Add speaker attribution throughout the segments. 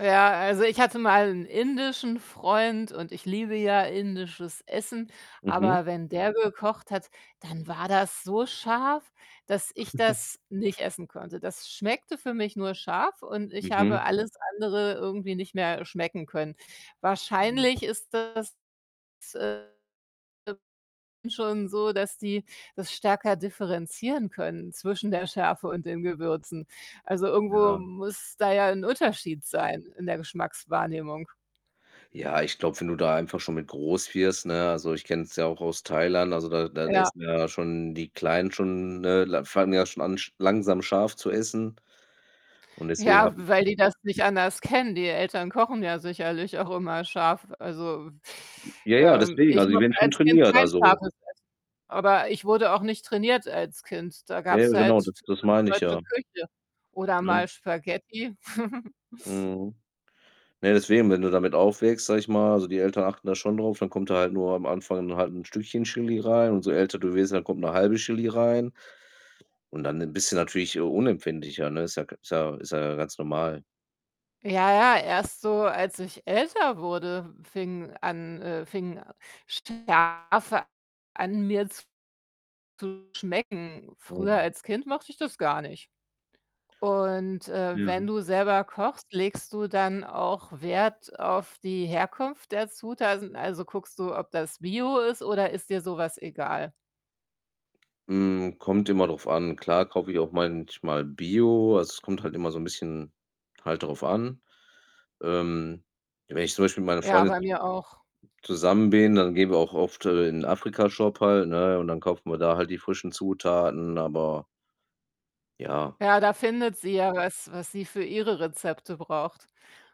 Speaker 1: Ja, also ich hatte mal 'n indischen Freund, und ich liebe ja indisches Essen,
Speaker 2: Mhm.
Speaker 1: aber wenn der gekocht hat, dann war das so scharf, dass ich das nicht essen konnte. Das schmeckte für mich nur scharf, und ich habe
Speaker 2: Mhm.
Speaker 1: alles andere irgendwie nicht mehr schmecken können.
Speaker 2: Mhm.
Speaker 1: Wahrscheinlich ist das, äh, äh, schon so, dass die das stärker differenzieren können zwischen der Schärfe und den Gewürzen. Also, irgendwo
Speaker 2: Ja.
Speaker 1: muss da ja 'n Unterschied sein in der Geschmackswahrnehmung.
Speaker 2: Ja, ich glaube, wenn du da einfach schon mit groß wirst, ne? Also, ich kenne es ja auch aus Thailand, also, da da
Speaker 1: Ja.
Speaker 2: essen ja schon die Kleinen schon, ne l fangen ja schon an, sch langsam scharf zu essen und deswegen
Speaker 1: Ja,
Speaker 2: habe ich
Speaker 1: w weil die das nicht anders kennen. Die Eltern kochen ja sicherlich auch immer scharf. Also,
Speaker 2: Ja, ja,
Speaker 1: ähm,
Speaker 2: deswegen,
Speaker 1: ich
Speaker 2: also die
Speaker 1: mochte
Speaker 2: werden schon
Speaker 1: als Kind
Speaker 2: trainiert,
Speaker 1: kein
Speaker 2: also
Speaker 1: scharfes Essen, aber ich wurde auch nicht trainiert als Kind. Da
Speaker 2: Ja, ja,
Speaker 1: gab's
Speaker 2: genau, d
Speaker 1: halt
Speaker 2: das
Speaker 1: typisch
Speaker 2: meine ich
Speaker 1: deutsche
Speaker 2: ja.
Speaker 1: Küche oder
Speaker 2: Ne?
Speaker 1: mal Spaghetti.
Speaker 2: Mhm. Na ja, deswegen, wenn du damit aufwächst, sage ich mal also, die Eltern achten da schon drauf, dann kommt da halt nur am Anfang halt 'n Stückchen Chili rein und so älter du wirst, dann kommt 'ne 1/2 Chili rein und dann bist du natürlich, äh, unempfindlicher, ne? Ist ja k ist ja ist ja ganz normal.
Speaker 1: Ja, ja, erst so als ich älter wurde, fing an äh, fing Schärfe an, mir zu schmecken. Früher
Speaker 2: Mhm.
Speaker 1: als Kind mochte ich das gar nicht und, äh,
Speaker 2: Ja.
Speaker 1: wenn du selber kochst, legst du dann auch Wert auf die Herkunft der Zutaten? Also, guckst du, ob das Bio ist oder ist dir so was egal?
Speaker 2: Hm, kommt immer drauf an. Klar kaufe ich auch manchmal Bio. Also, es kommt halt immer so 'n bisschen halt drauf an. Ähm, wenn ich zum Beispiel mit meiner
Speaker 1: Ja,
Speaker 2: Freundin
Speaker 1: bei
Speaker 2: zus
Speaker 1: mir auch.
Speaker 2: zusammen bin, dann gehen wir auch oft, äh, in Afrika-Shop halt, ne, und dann kaufen wir da halt die frischen Zutaten, aber Ja.
Speaker 1: Ja, da findet sie ja was, was sie für ihre Rezepte braucht.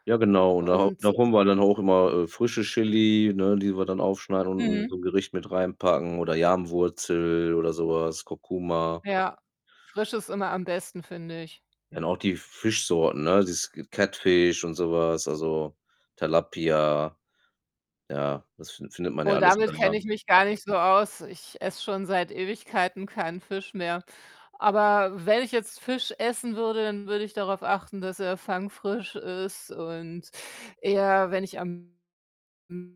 Speaker 2: Ja genau, und da
Speaker 1: Und,
Speaker 2: da
Speaker 1: äh
Speaker 2: holen wir dann halt auch immer, äh, frische Chili, ne, die wir dann aufschneiden und in
Speaker 1: Mhm.
Speaker 2: so 'n Gericht mit reinpacken oder Yam-Wurzel oder so was, Kurkuma.
Speaker 1: Ja, frisch ist immer am besten, finde ich.
Speaker 2: Ja, und auch die F Fischsorten, ne, dieses Catfish und so was, also Tilapia. Ja, das fin findet man ja
Speaker 1: Oh,
Speaker 2: alles
Speaker 1: damit
Speaker 2: dann
Speaker 1: kenne
Speaker 2: da.
Speaker 1: ich mich gar nicht so aus. Ich esse schon seit Ewigkeiten keinen Fisch mehr. Aber wenn ich jetzt Fisch essen würde, dann würde ich darauf achten, dass er fangfrisch ist und eher, wenn ich am M